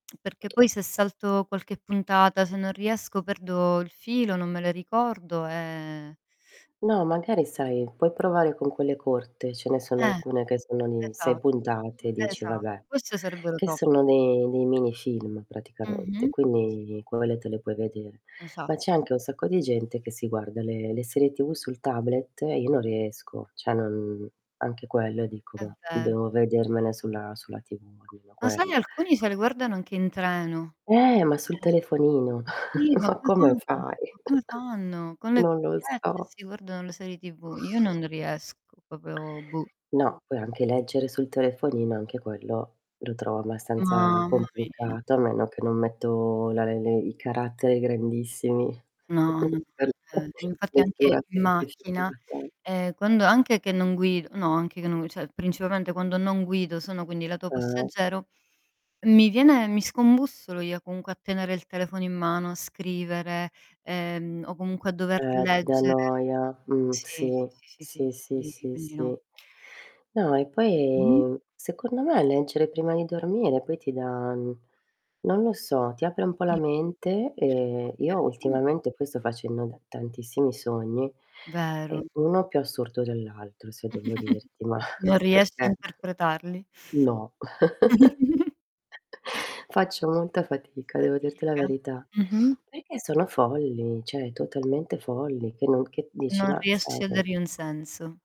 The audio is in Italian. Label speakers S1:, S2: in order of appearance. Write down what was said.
S1: Perché poi se salto qualche puntata, se non riesco perdo il filo, non me le ricordo e
S2: No, magari sai puoi provare con quelle corte, ce ne sono
S1: Eh,
S2: alcune che sono di 6
S1: esatto,
S2: puntate, e dici:
S1: esatto.
S2: "Vabbè,"
S1: Queste sarebbero
S2: che
S1: top.
S2: sono dei dei mini film praticamente,
S1: Mh-mh, sì.
S2: quindi quelle te le puoi vedere. Ma c'è
S1: Esatto.
S2: anche un sacco di gente che si guarda le le serie TV sul tablet e io non riesco, cioè non anche quello dico:
S1: È
S2: "Mah,"
S1: vero.
S2: devo vedermene sulla sulla TV almeno
S1: Lo sai,
S2: quello.
S1: alcuni se le guardano anche in treno.
S2: Eh, ma sul
S1: [unintelligible]
S2: telefonino.
S1: Sì, ma
S2: Ma
S1: come
S2: come
S1: fanno?
S2: fai?
S1: Ma come fanno? Con le
S2: Non lo
S1: cuffiette e
S2: so.
S1: si guardano le serie TV. Io non riesco, proprio buh.
S2: No, poi anche leggere sul telefonino, anche quello, lo trovo abbastanza
S1: Mamma mia.
S2: complicato, a meno che non metto la re le i caratteri grandissimi
S1: No, no, no,
S2: per la
S1: vabbè. Infatti, anche
S2: lettura
S1: in macchina,
S2: semplificata.
S1: ehm, quando anche che non guido no anche che non gui cioè, principalmente quando non guido, sono quindi lato
S2: Eh.
S1: passeggero, mi viene mi scombussolo io comunque a tenere il telefono in mano, a scrivere, ehm, o comunque a dover
S2: Eh, ti dà
S1: leggere.
S2: noia. Mh,
S1: Sì,
S2: sì,
S1: sì, sì, sì,
S2: sì, sì,
S1: quindi
S2: sì,
S1: quindi
S2: sì.
S1: no.
S2: No, e
S1: Mh-mh.
S2: poi secondo me leggere prima di dormire poi ti dà n non lo so, ti apre un po' la
S1: Dimmi.
S2: mente, ehm, io
S1: Okay. [unintelligible]
S2: ultimamente poi sto facendo da tantissimi sogni e
S1: Vero.
S2: uno più assurdo dell'altro, se devo dirti. Mah,
S1: Non riesci a
S2: perchè?
S1: interpretarli.
S2: No. Faccio molta fatica devo dirti la
S1: Fatica.
S2: verità,
S1: Mh-mh.
S2: perchè sono folli, cioè totalmente folli, che non che dici:
S1: Non
S2: "Mah,
S1: riesci a
S2: sai"
S1: dargli un senso.